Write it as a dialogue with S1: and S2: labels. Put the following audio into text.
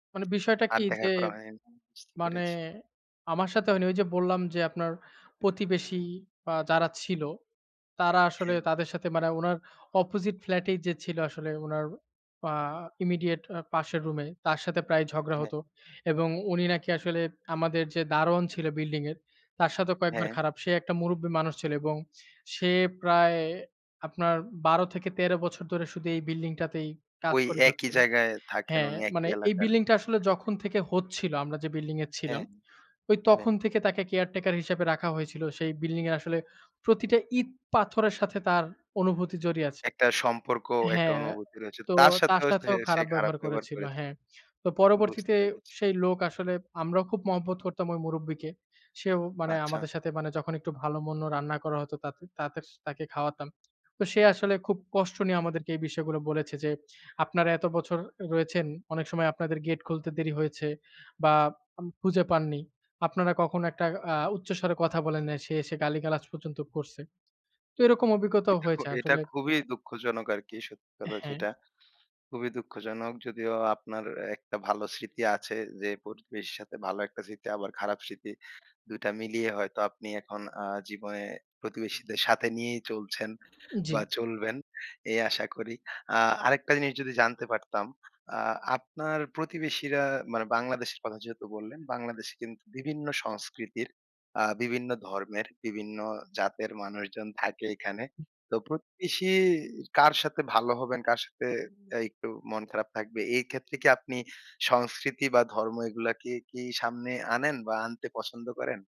S1: মানে বিষয়টা কি
S2: আর দেখা
S1: যে,
S2: করা হয়ন বুঝতে
S1: মানে
S2: পেরেছি।
S1: আমার সাথে হয়নি ঐ যে বললাম যে আপনার প্রতিবেশী বা যারা ছিল। তারা আসলে
S2: হ্যাঁ।
S1: তাদের সাথে মানে উনার অপোজিট ফ্ল্যাটেই যে ছিল আসলে উনার আ ইমিডিয়েট আ পাশের রুমে তার সাথে প্রায় ঝগড়া
S2: হ্যাঁ।
S1: হত। এবং উনি নাকি আসলে আমাদের যে দারোয়ান ছিল বিল্ডিং এর তার সাথেও কয়েকবার
S2: হ্যাঁ।
S1: খারাপ। সে একটা মুরুব্বি মানুষ ছিল এবং সে প্রায় আপনার ১২ থেকে ১৩ বছর ধরে শুধু এই বিল্ডিংটাতেই কাজ
S2: ওই
S1: করে
S2: একই
S1: যাচ্ছিল।
S2: জায়গায় থাকেন
S1: হ্যাঁ
S2: উনি একই
S1: মানে এই
S2: এলাকার।
S1: বিল্ডিং টা আসলে
S2: [unintelligible]
S1: যখন থেকে হচ্ছিল আমরা যে বিল্ডিং এ ছিলাম
S2: হ্যাঁ,
S1: ঐ
S2: হ্যাঁ।
S1: তখন থেকে তাকে কেয়ারটেকার হিসেবে রাখা হয়েছিল সেই বিল্ডিং এ আসলে প্রতিটা ইট পাথরের সাথে তার অনুভূতি জড়িয়ে আছে
S2: একটা সম্পর্ক একটা
S1: হ্যাঁ,
S2: অনুভূতি রয়েছে।
S1: তো
S2: তার
S1: তার
S2: সাথেও সে
S1: সাথেও
S2: সে
S1: খারাপ
S2: খারাপ
S1: ব্যবহার
S2: ব্যবহার
S1: করেছিল
S2: করেছে।
S1: হ্যাঁ। তো
S2: বুঝতে
S1: পরবর্তীতে
S2: পেরেছি।
S1: সেই লোক আসলে আমরাও খুব মহব্বত করতাম ওই মুরুব্বিকে। সেও মানে
S2: আচ্ছা।
S1: আমাদের সাথে মানে যখন একটু ভালো মন্দ রান্না করা হতো তাতে তাদের তাকে খাওয়াতাম। তো সে আসলে খুব কষ্ট নিয়ে আমাদেরকে এই বিষয়গুলো বলেছে যে, আপনারা এত বছর রয়েছেন অনেক সময় আপনাদের গেট খুলতে দেরি হয়েছে বা আম খুঁজে পাননি। আপনারা কখনো একটা আ উচ্চস্বরে কথা বলেন না। সে এসে গালিগালাজ পর্যন্ত করছে। তো এরকম অভিজ্ঞতাও
S2: এটা খু
S1: হয়েছে
S2: এটা
S1: আসলে
S2: খুবই দুঃখজনক আরকি সত্যি কথা
S1: হ্যাঁ।
S2: যেটা। খুবই দুঃখজনক যদিও আপনার একটা ভালো স্মৃতি আছে যে প্রতিবেশীর সাথে ভালো একটা স্মৃতি, আবার খারাপ স্মৃতি ২ টা মিলিয়ে হয়তো আপনি এখন আ জীবনে প্রতিবেশীদের সাথে নিয়েই চলছেন বা
S1: জি।
S2: চলবেন এই আশা করি। আ আরেকটা জিনিস যদি জানতে পারতাম আ আপনার প্রতিবেশীরা মানে বাংলাদেশের কথা যেহেতু বললেন বাংলাদেশে কিন্তু বিভিন্ন সংস্কৃতি আ বিভিন্ন ধর্মের বিভিন্ন জাতের মানুষজন থাকে এখানে। তো প্রতিবেশী কার সাথে ভালো হবেন কার সাথে এ একটু মন খারাপ থাকবে এই ক্ষেত্রে কি আপনি সংস্কৃতি বা ধর্ম এগুলাকে, কি সামনে আনেন বা আনতে পছন্দ করেন?